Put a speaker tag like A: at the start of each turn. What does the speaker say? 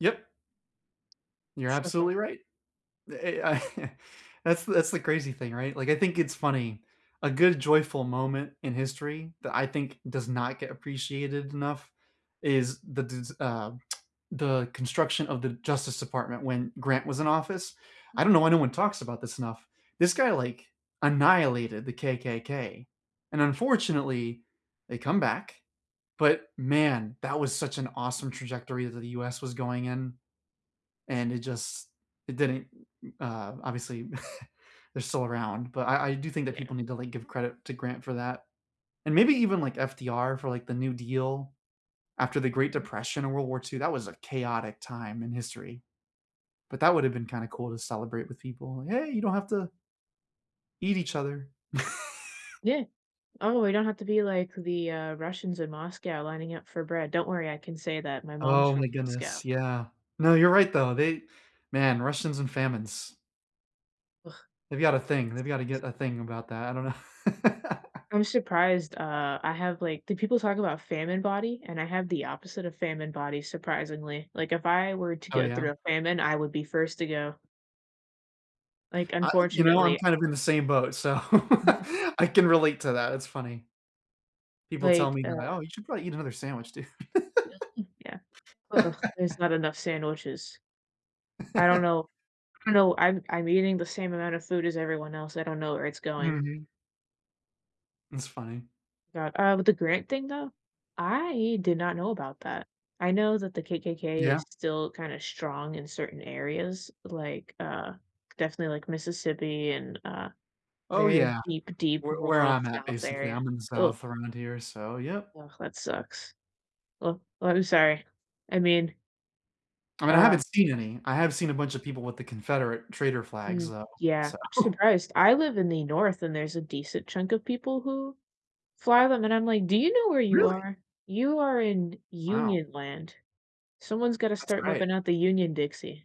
A: Yep. You're
B: So far.
A: absolutely right, the a I that's that's the crazy thing, right, like, I think it's funny, a good joyful moment in history that I think does not get appreciated enough is the des uh, the construction of the Justice Department when Grant was in office, I
B: Mhm.
A: don't know why no one talks about this enough, this guy, like, annihilated the KKK, and unfortunately, they come back, but man, that was such an awesome trajectory that the US was going in, and it just it didn't, uh obviously, they're still around, but I I do think that
B: Yeah.
A: people need to, like, give credit to Grant for that, and maybe even, like, FDR for, like, the New Deal, after the Great
B: Mhm.
A: Depression and World War II, that was a chaotic time in history, but that would have been kinda cool to celebrate with people, like, "Hey, you don't have to" "Eat each other."
B: Yeah, oh, we don't have to be like the, uh, Russians in Moscow lining up for bread, don't worry, I can say that, my mom's
A: Oh
B: from
A: my
B: Moscow.
A: goodness, yeah, no, you're right though, they man, Russians and famines.
B: Ugh,
A: They've got a thing they've got to
B: sucks.
A: get a thing about that, I don't know.
B: I'm surprised, uh, I have, like do people talk about famine body and I have the opposite of famine body surprisingly, like, if I were to
A: Oh,
B: go
A: yeah.
B: through a famine, I would be first to go. Like,
A: I you know,
B: unfortunately
A: I'm
B: I
A: kind of in the same boat, so
B: Mm.
A: I can relate to that, it's funny. People tell
B: Like,
A: me they're like
B: uh
A: "Oh, you should probably eat another sandwich, dude."
B: Mm, yeah, uh, there's not enough sandwiches I don't know I know I'm I'm eating the same amount of food as everyone else, I don't know where it's going.
A: Mhm. It's funny.
B: God, uh, with the Grant thing though, I did not know about that. I know that the KKK
A: Yeah.
B: is still kinda strong in certain areas, like, uh, definitely, like, Mississippi and, uh,
A: Oh,
B: very
A: yeah,
B: deep, deep
A: where where
B: rural
A: I'm at,
B: South
A: basically,
B: area,
A: I'm in the
B: ugh.
A: South around here, so yep.
B: Ugh, that sucks, oh, I'm sorry, I mean
A: I mean, I
B: Uh
A: haven't seen any, I have seen a bunch of people with the Confederate Trader flags,
B: Mm,
A: though,
B: yeah,
A: so.
B: I'm surprised, I live in the North, and there's a decent chunk of people who fly them, and I'm, like, "Do you know where you
A: Really!
B: are? You are in
A: Wow.
B: Union land." Someone's gotta
A: That's
B: start
A: great.
B: whipping out the union Dixie.